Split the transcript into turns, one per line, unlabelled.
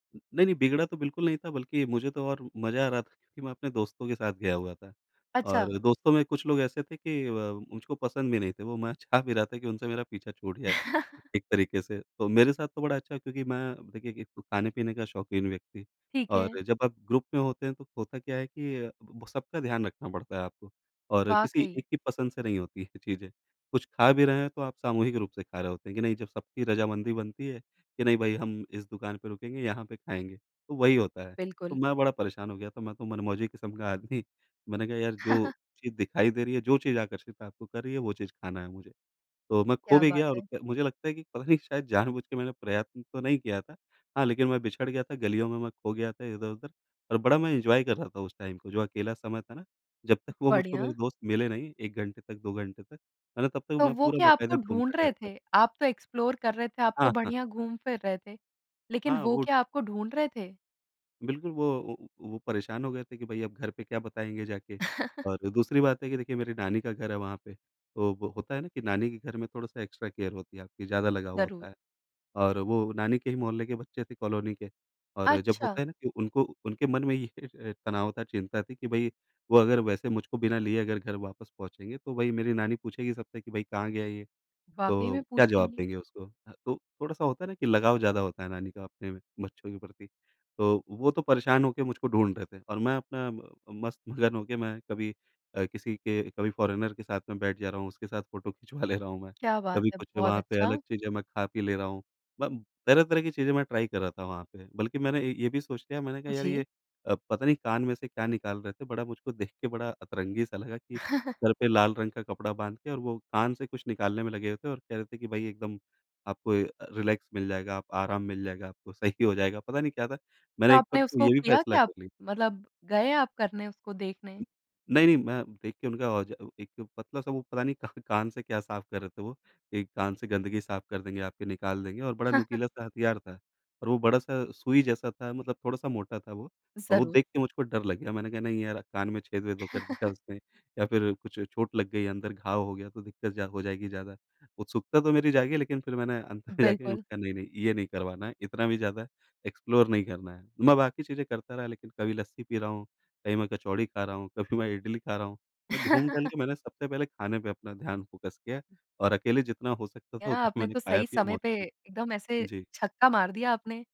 नहीं, नहीं बिगड़ा तो बिल्कुल नहीं था बल्कि मुझे तो और म मज़ा आ रहा था क्योंकि मैं अपने दोस्तों के साथ गया हुआ था।
अच्छा।
और दोस्तों में कुछ लोग ऐसे थे कि अ, मुझको पसंद भी नहीं थे। वो मैं चाह भी रहा था कि उनसे मेरा पीछा छूट जाए, एक तरीक़े से। तो मेरे साथ तो बड़ा अच्छा हुआ क्योंकि मैं देखिए एक तो ख़ाने-पीने का शौकीन व्यक्ति
ठीक है।
और जब आप ग्रुप में होते हैं तो होता क्या है कि सबका ध्यान रखना पड़ता है आपको और किसी
वाक़ई।
एक की पसंद से नहीं होती है ये चीज़ें। कुछ ख़ा भी रहे हैं तो आप सामूहिक रूप से ख़ा रहे होते हैं कि नहीं जब सबकी रज़ामंदी बनती है कि नहीं भई हम इस दुकान पर रुकेंगे, यहाँ पे ख़ाएँगे, तो वही होता है। तो
बिल्कुल।
मैं बड़ा परेशान हो गया था मैं तो मन-मौजी किस्म का आदमी मैंने कहा यार जो चीज़ दिखाई दे रही है, जो चीज़ आकर्षित आपको कर रही है, वो चीज़ खाना है मुझे। तो मैं ख़ो
क्या
भी
बात
गया और
है।
क मुझे लगता है कि पता नहीं शायद जानबूझ के मैंने प्रयत्न तो नहीं किया था। हाँ, लेक़िन मैं बिछड़ गया था, गलियों में मैं ख़ो गया था इधर-उधर और बड़ा मैं एन्जॉय कर रहा था उस टाइम को जो अकेला समय था ना। जब तक वो मुझको मेरे
बढ़िया।
दोस्त मिले नहीं 1 घंटे तक 2 घंटे तक, है ना? तब तक
तो
मैं
वो
पूरा
क्या आपको
बाकायदा
ढूँढ़ रहे
घूमता-टहलता रहा।
थे? आप तो एक्सप्लोर कर रहे थे, आप तो
हाँ, हाँ।
बढ़िया घूम-फ़िर रहे थे। लेक़िन
हाँ
वो
वो
क्या आपको ढूँढ़ रहे थे?
बिल्कुल वो वो वो परेशान हो गए थे कि भई अब घर पे क्या बताएँगे जाके और दूसरी बात है कि देखिए मेरी नानी का घर है वहाँ पे। तो वो होता है ना कि नानी के घर में थोड़ा-सा एक्स्ट्रा केयर होती है आपकी ज़्यादा लगाव होता
ज़रूर।
है। और वो नानी के ही मोहल्ले के बच्चे थे कॉलोनी के और जब होता
अच्छा।
है ना कि उनको उनके मन में ही ये तनाव था, चिंता थी कि भई वो अगर वैसे मुझको बिना लिए अगर घर वापस पहुँचेंगे तो भई मेरी नानी पूछेगी सबसे कि भाई कहाँ गया ये?
वाक़ई
तो
में
क्या जवाब
पूछेंगी।
देंगे उसको? ह तो थोड़ा-सा होता है ना कि लगाव ज़्यादा होता है नानी का अपने बच्चों के प्रति। तो वो तो परेशान होके मुझको ढूँढ़ रहे थे और मैं अपना म मस्त-मगन हो के मैं कभी अ, किसी के कभी फॉरेनर के साथ में बैठ जा रहा हूँ, उसके साथ फ़ोटो खिचवा ले रहा हूँ मैं।
क्या बात
कभी
है,
कुछ
बहुत
वहाँ पे अलग
अच्छा।
चीज़ें मैं ख़ा-पी ले रहा हूँ। ब तरह-तरह की चीज़ें मैं ट्राई कर रहा था वहाँ पे, बल्कि मैंने ए ये भी सोच लिया। मैंने कहा यार ये
जी।
अ, पता नहीं कान में से क्या निकाल रहे थे, बड़ा मुझको देख के बड़ा अतरंगी-सा लगा कि सर पे लाल रंग का कपड़ा बांध के और वो कान से कुछ निकालने में लगे हुए थे और कह रहे थे कि भाई एकदम आपको अ, रिलैक्स मिल जाएगा, आप आराम मिल जाएगा, आपको सही हो जाएगा, पता नहीं क्या था।
तो
मैंने एक
आपने
बार को
उसको
ये भी
किया
फ़ैसला
क्या?
कर लिया।
मतलब गए आप करने उसको देखने?
नहीं, नहीं मैं देखिए उनका औजा अ, एक पतला-सा वो पता नहीं का कान से क्या साफ़ कर रहे थे वो? एक कान से गंदगी साफ़ कर देंगे, आपके निकाल देंगे और बड़ा नुकीला-सा हथियार था। और वो बड़ा-सा सुई जैसा था, मतलब थोड़ा-सा मोटा था वो। और वो
ज़रूर।
देख के मुझको डर लग गया मैंने कहा नहीं यार कान में छेद-वेद ओ, कर दिया उसने या फ़िर कुछ चोट लग गई अंदर घाव हो गया तो दिक़्क़त जा हो जाएगी ज़्यादा। उत्सुकता तो मेरी जागी लेक़िन फ़िर मैंने अंत में जाके मैंने
बिल्कुल।
कहा नहीं-नहीं ये नहीं करवाना है, इतना भी ज़्यादा एक्सप्लोर नहीं करना है। मैं बाकी चीज़ें करता रहा लेक़िन कभी लस्सी पी रहा हूँ, कहीं मैं कचौड़ी ख़ा रहा हूँ, कभी मैं इडली ख़ा रहा हूँ। मैं घूम-टहल के मैंने सबसे पहले ख़ाने पे अपना ध्यान फ़ोकस किया और अकेले जितना हो सकता था
यार
उतना
आपने
मैंने
तो सही
ख़ाया-पिया
समय
मौज
पे एकदम
किया।
ऐसे
जी।
छक्का मार दिया आपने।